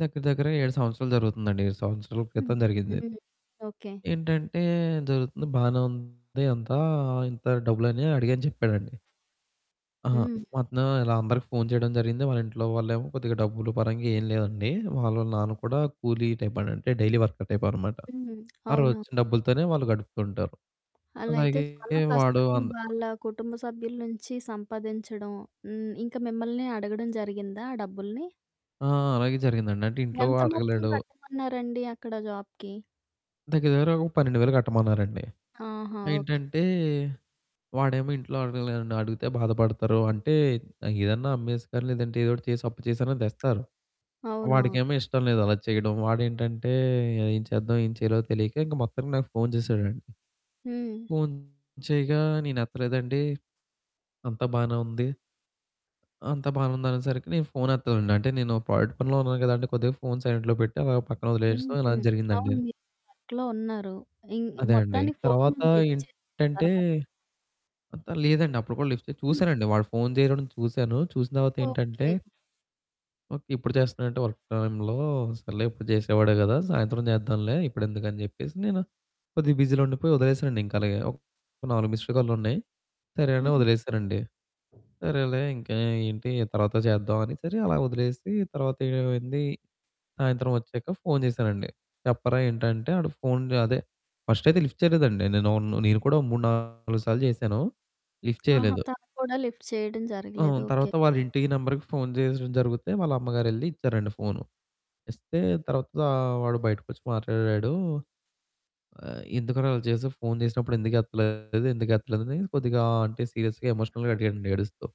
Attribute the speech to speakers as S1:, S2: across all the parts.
S1: దగ్గర దగ్గరగ 7 సంవత్సరాలు జరుగుతుందండి. 7 సంవత్సరాల
S2: హ్మ్,
S1: క్రితం జరిగిందిది.
S2: హ్మ్. ఓకే.
S1: ఏంటంటే జరుగుతుంది బానే ఉంది అంతా "ఇంత డబ్బులని అడిగాను" చెప్పాడండి. ఆ!
S2: హ్మ్.
S1: వస్తనాం ఇలా అందరికి ఫోను చేయడం జరిగింది. వాళ్ళ ఇంట్లో వాళ్ళేమో కొద్దిగా డబ్బులు పరంగా ఎం లేదండి. వాళ్ళ నాన్న కూడా కూలీ టైప్ అంటే డైలీ వర్కర్ టైప్ అనమాట.
S2: హ్మ్,
S1: ఆ రోజు
S2: అవును.
S1: వచ్చిన డబ్బులతోనే వాళ్ళు గడుపుతుంటారు.
S2: అలా అయితే
S1: అలాగే
S2: చాలా
S1: వాడు
S2: కష్టం
S1: అంద్
S2: వాళ్ళ కుటుంబ సభ్యుల నుంచి సంపాదించడం. హ్మ్, ఇంకా మిమ్మల్ని అడగడం జరిగిందా ఆ డబ్బుల్ని?
S1: ఆ! అలాగే జరిగిందండి అంటే ఇంట్లో
S2: ఎంత మొత్తం
S1: అడగలేడు.
S2: కట్టమన్నారండి అక్కడ జాబ్‍కి?
S1: దగ్గర దగ్గర ఒక 12,000 కట్టమన్నారండి.
S2: ఆహా! ఓకే.
S1: ఏంటంటే వాడేమో ఇంట్లో అడగలేడండి అడిగితే బాధపడతారు అంటే, ఏదన్నా అమ్మేసుకో లేదంటే ఏదో ఒకటి చేసి అప్పు చేసినా తెస్తారు.
S2: అవునవును.
S1: వాడికేమో ఇష్టం లేదు అలా చేయడం. వాడేంటంటే ఏం చేద్దాం ఏం చేయాలో తెలియక ఇంక మొత్తానికి నాకు ఫోను చేసాడండి.
S2: హ్మ్.
S1: ఫోను చేయగా నేను ఎత్తలేదండి, అంతా బానే ఉంది. అంతా బానే ఉంది అనేసరికి నేను ఫోను ఎత్తలేదండి, అంటే నేను ప్రాజెక్ట్ పనిలో ఉన్నాను కదండీ! కొద్దిగా ఫోను సైలెంట్‍లో పెట్టి, అలా పక్కన వదిలేసి
S2: హ్మ్,
S1: ఇలా
S2: హ్మ్,
S1: జరిగిందండి.
S2: అవును. మీరు ప్రాజెక్ట్‌లో ఉన్నారు. ఇం
S1: అదే అండి.
S2: మొత్తానికి
S1: తర్వాత
S2: ఫోను లిఫ్ట్ చేసారా
S1: ఏంటంటే
S2: తర్వాత?
S1: అంత లేదండి అప్పుడు కూడా లిఫ్ట్ చే
S2: హ్మ్.
S1: చూసానండి. వాడు ఫోను చేయడం చూసాను చూసిన తర్వాత ఏంటంటే
S2: ఓకే.
S1: ఓకే ఇప్పుడు చేస్తున్నాడెంటి వర్క్ టైమ్‌లో సర్లే ఎప్పుడు చేసేవాడే కదా! సాయంత్రం చేద్దాంలే ఇప్పుడెందుకు అని చెప్పేసి నేను కొద్దిగా బిజీలో ఉండిపోయి, వదిలేసానండి ఇంకా అలాగే. ఒక 4 మిస్డ్ కాల్లు ఉన్నాయి. సరే అని
S2: హుహు.
S1: వదిలేసానండి. సరేలే ఇంకా ఏంటి తర్వాత చేద్దాం అని సరే అలా వదిలేసి, తర్వాత ఏమైంది సాయంత్రం వచ్చాక ఫోను చేశానండి. చెప్పరా ఏంటంటే వాడు ఫోను అదే ఫస్ట్ అయితే లిఫ్ట్ చేయలేదండి. నేను నేను కూడా ఓ 3, 4 సార్లు చేశాను లిఫ్ట్
S2: ఆహా!
S1: చేయలేదు.
S2: తను కూడా లిఫ్ట్ చేయడం జరగలేదు.
S1: అవును.
S2: ఓకే,
S1: తర్వాత వాళ్ళ
S2: ఓకే.
S1: ఇంటి నెంబరుకి ఫోను చేసేడం జరుగుతే వాళ్ళ అమ్మగారెళ్లి ఇచ్చారండి ఫోను. ఇస్తే తర్వాత వాడు బయటికొచ్చి మాట్లాడాడు. "ఎందుకురా అలా చేసావు ఫోన్ చేసినప్పుడు ఎందుకు ఎత్తలేదు? ఎందుకు ఎత్తలేదు?" అని కొద్దిగా అంటే సీరియస్‍గా ఎమోషనల్‍గా అడిగాండీ ఏడుస్తూ.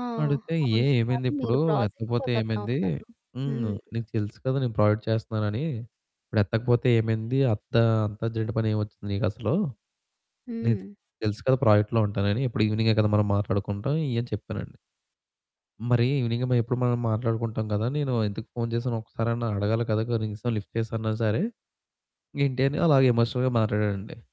S2: ఆ!
S1: అడిగితే ఏ
S2: అవును
S1: ఏమైంది
S2: కానీ
S1: ఇప్పుడు
S2: మీరు ప్రాజెక్ట్‌లో
S1: ఎత్తకపోతే
S2: కదా!
S1: ఏమైంది?
S2: ఉన్నారు.
S1: హ్మ్,
S2: హ్మ్.
S1: నీకు తెలుసు కదా! నేను ప్రాజెక్ట్ చేస్తున్నానని ఇప్పుడు ఎత్తకపోతే ఏమైంది? అత్త అంతర్జెంట్ పని ఏమి వచ్చింది నీకసలు? నీకు
S2: హ్మ్.
S1: తెలుసు కదా! ప్రాజెక్ట్‌లో ఉంటానని. ఎప్పుడు ఇవెనింగే కదా మనం మాట్లాడుకుంటాం ఈ అని చెప్పానండి. "మరి ఇవెనింగ్ మ ఎప్పుడు మనం మాట్లాడుకుంటాం కదా! నేను ఎందుకు ఫోను చేశాను ఒక్కసారన్నా అడగాలి కదా! కనీసం లిఫ్ట్ చేసిన్నా సరే. ఏంటి?" అని అలాగ ఎమోషనల్‍గా మాట్లాడడండి.